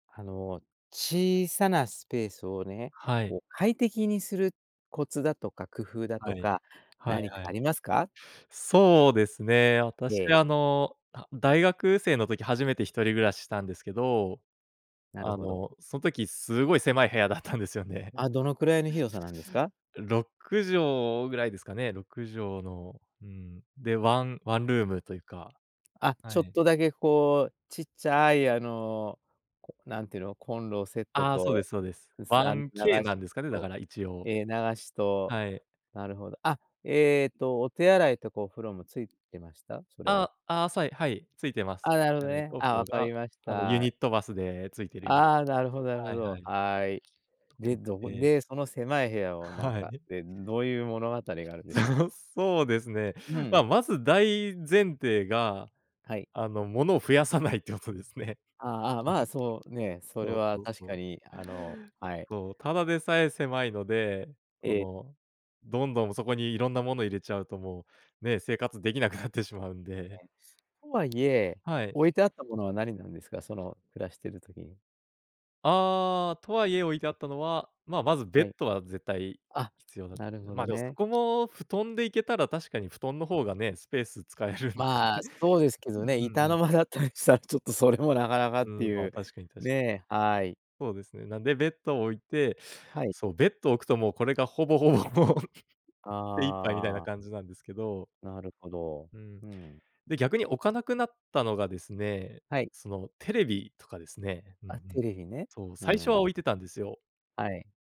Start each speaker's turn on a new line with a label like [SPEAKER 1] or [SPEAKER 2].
[SPEAKER 1] あの小さなスペースをね、
[SPEAKER 2] はい。
[SPEAKER 1] こう快適にするコツだとか工夫だ
[SPEAKER 2] は
[SPEAKER 1] と
[SPEAKER 2] い。
[SPEAKER 1] か
[SPEAKER 2] はい
[SPEAKER 1] 何
[SPEAKER 2] は
[SPEAKER 1] かあ
[SPEAKER 2] い。
[SPEAKER 1] りますか？
[SPEAKER 2] そうですね。私
[SPEAKER 1] で。
[SPEAKER 2] あの、あ、大学生の時初めて一人暮らししたんですけど、
[SPEAKER 1] なる
[SPEAKER 2] あ
[SPEAKER 1] ほど。
[SPEAKER 2] の、そん時すごい狭い部屋だったんですよね。
[SPEAKER 1] あ、どのくらいの広さなんですか？
[SPEAKER 2] 6畳ぐらいですかね、6畳の、うーん、で、ワンワンルームというか、
[SPEAKER 1] あ、
[SPEAKER 2] は
[SPEAKER 1] ちょっ
[SPEAKER 2] い。
[SPEAKER 1] とだけこうちっちゃいあの、なんていうの、コンロセット
[SPEAKER 2] ああそうで
[SPEAKER 1] と、
[SPEAKER 2] すそうです。
[SPEAKER 1] うすあん、流
[SPEAKER 2] 1K な
[SPEAKER 1] し
[SPEAKER 2] んですかね、だ
[SPEAKER 1] と、
[SPEAKER 2] から一応。
[SPEAKER 1] ええ流しと、
[SPEAKER 2] はい。
[SPEAKER 1] なるほど。あ、えっとお手洗いとかお風呂もついてました？それは。
[SPEAKER 2] あ、ああさいはい、ついてます。
[SPEAKER 1] あ、なるほ
[SPEAKER 2] じ
[SPEAKER 1] ど
[SPEAKER 2] ゃない
[SPEAKER 1] ね、
[SPEAKER 2] とく
[SPEAKER 1] あ、わかり
[SPEAKER 2] が、
[SPEAKER 1] まし
[SPEAKER 2] あのユ
[SPEAKER 1] た。
[SPEAKER 2] ニットバスでついてるように。
[SPEAKER 1] ああ、なるほどなるほ
[SPEAKER 2] はいは
[SPEAKER 1] ど。
[SPEAKER 2] い。
[SPEAKER 1] はい。で、
[SPEAKER 2] 服着
[SPEAKER 1] どこ
[SPEAKER 2] て
[SPEAKER 1] で、その狭い部屋をなん
[SPEAKER 2] は
[SPEAKER 1] か、
[SPEAKER 2] い。
[SPEAKER 1] で、どういう物語があるんでしょ
[SPEAKER 2] そうですね。
[SPEAKER 1] う？う
[SPEAKER 2] ま
[SPEAKER 1] ん。
[SPEAKER 2] まず大前提が
[SPEAKER 1] はい。
[SPEAKER 2] あのものを増やさないってことですね。
[SPEAKER 1] ああああ、
[SPEAKER 2] うん、
[SPEAKER 1] まあそうね、それ
[SPEAKER 2] そう
[SPEAKER 1] は
[SPEAKER 2] そう
[SPEAKER 1] 確
[SPEAKER 2] そ
[SPEAKER 1] か
[SPEAKER 2] う。
[SPEAKER 1] にあの、はい。
[SPEAKER 2] そう、ただでさえ狭いので、そ
[SPEAKER 1] え。
[SPEAKER 2] のどんどんそこにいろんなもの入れちゃうともう、ね、生活できなくなってしまうんで。
[SPEAKER 1] ね、とはいえ、
[SPEAKER 2] はい。
[SPEAKER 1] 置いてあったものは何なんですか？その暮らしている時に。
[SPEAKER 2] ああ、とはいえ置いてあったのは、ままずベッ
[SPEAKER 1] はい。
[SPEAKER 2] ドは絶対
[SPEAKER 1] あ、
[SPEAKER 2] 必要だ
[SPEAKER 1] なるほ
[SPEAKER 2] ま、
[SPEAKER 1] ど
[SPEAKER 2] でもそ
[SPEAKER 1] ね。
[SPEAKER 2] こも布団でいけたら確かに布団の方がね、スペース使えるんで。
[SPEAKER 1] まあ、そうです け
[SPEAKER 2] う
[SPEAKER 1] どね、
[SPEAKER 2] んうん
[SPEAKER 1] 板
[SPEAKER 2] う
[SPEAKER 1] の
[SPEAKER 2] ん。
[SPEAKER 1] 間だったりしたら、ちょっとそれもなかなかっ
[SPEAKER 2] うん、
[SPEAKER 1] て
[SPEAKER 2] ま
[SPEAKER 1] い
[SPEAKER 2] あ、
[SPEAKER 1] う、
[SPEAKER 2] 確かにたし
[SPEAKER 1] ね、はい。
[SPEAKER 2] そうですね。なんでべベッド置いて、
[SPEAKER 1] はい。
[SPEAKER 2] そう、ベッド置くともうこれがほぼほぼもう、手一杯みたい
[SPEAKER 1] あ
[SPEAKER 2] な
[SPEAKER 1] あ。
[SPEAKER 2] 感じなんですけど。
[SPEAKER 1] なるほど、
[SPEAKER 2] うん。
[SPEAKER 1] うん。
[SPEAKER 2] で、逆に置かなくなったのがですね、
[SPEAKER 1] はい。
[SPEAKER 2] そのテレビとかですね。うんう
[SPEAKER 1] あ、テ
[SPEAKER 2] ん。
[SPEAKER 1] レビね、
[SPEAKER 2] そう、
[SPEAKER 1] う
[SPEAKER 2] 最初は
[SPEAKER 1] ん。
[SPEAKER 2] 置いてたんですよ。
[SPEAKER 1] はい。